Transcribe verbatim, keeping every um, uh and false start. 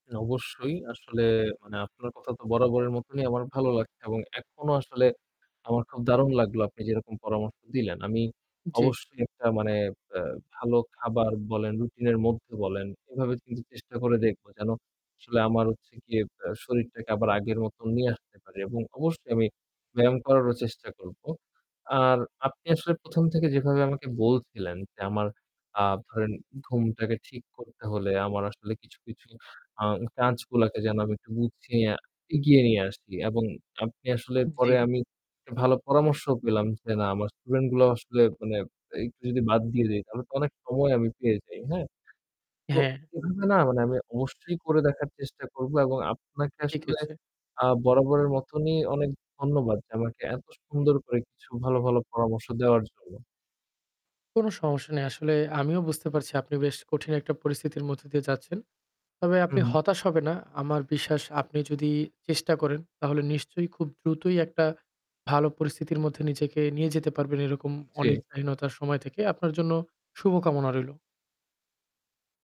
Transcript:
অবশ্যই, আসলে মানে আপনার কথা তো বরাবরের মতনই আমার ভালো লাগছে এবং এখনো আসলে আমার খুব দারুন লাগলো আপনি যেরকম পরামর্শ দিলেন। আমি জি। অবশ্যই একটা মানে অ্যা ভালো খাবার বলেন, রুটিন এর মধ্যে বলেন, এভাবে কিন্তু চেষ্টা করে দেখবো যেন, আসলে আমার হচ্ছে গিয়ে অ্যা শরীরটাকে আবার আগের মত নিয়ে আসতে পারি এবং অবশ্যই আমি ব্যায়াম করারও চেষ্টা করব। আর আপনি আসলে প্রথম থেকে যেভাবে আমাকে বলছিলেন যে, আমার আ ধরেন ঘুমটাকে ঠিক করতে হলে, আমার আসলে কিছু, কিছু আ কাজগুলাকে যেন আমি একটু গুছিয়ে, এগিয়ে নিয়ে আসি এবং আপনি আসলে পরে জি। আমি একটা ভালো পরামর্শ পেলাম যে, না আমার student গুলাও আসলে মানে একটু যদি বাদ দিয়ে দেই তাহলে তো অনেক সময় আমি পেয়ে যাই, হ্যাঁ? তো হ্যাঁ। এভাবে না, মানে আমি অবশ্যই করে দেখার চেষ্টা করব এবং আপনাকে ঠিক আসলে আছে। আ বরাবরের মতনই অনেক ধন্যবাদ যে, আমাকে এত সুন্দর করে কিছু ভালো, ভালো পরামর্শ দেওয়ার জন্য। কোন সমস্যা নেই। আসলে আমিও বুঝতে পারছি, আপনি বেশ কঠিন একটা পরিস্থিতির মধ্য দিয়ে যাচ্ছেন। তবে আপনি হুম। হতাশ হবেন না। আমার বিশ্বাস আপনি যদি চেষ্টা করেন, তাহলে নিশ্চয়ই খুব দ্রুতই একটা ভালো পরিস্থিতির মধ্যে নিজেকে নিয়ে যেতে পারবেন এরকম উম জি। অনিদ্রাহীনতার সময় থেকে। আপনার জন্য শুভকামনা রইল।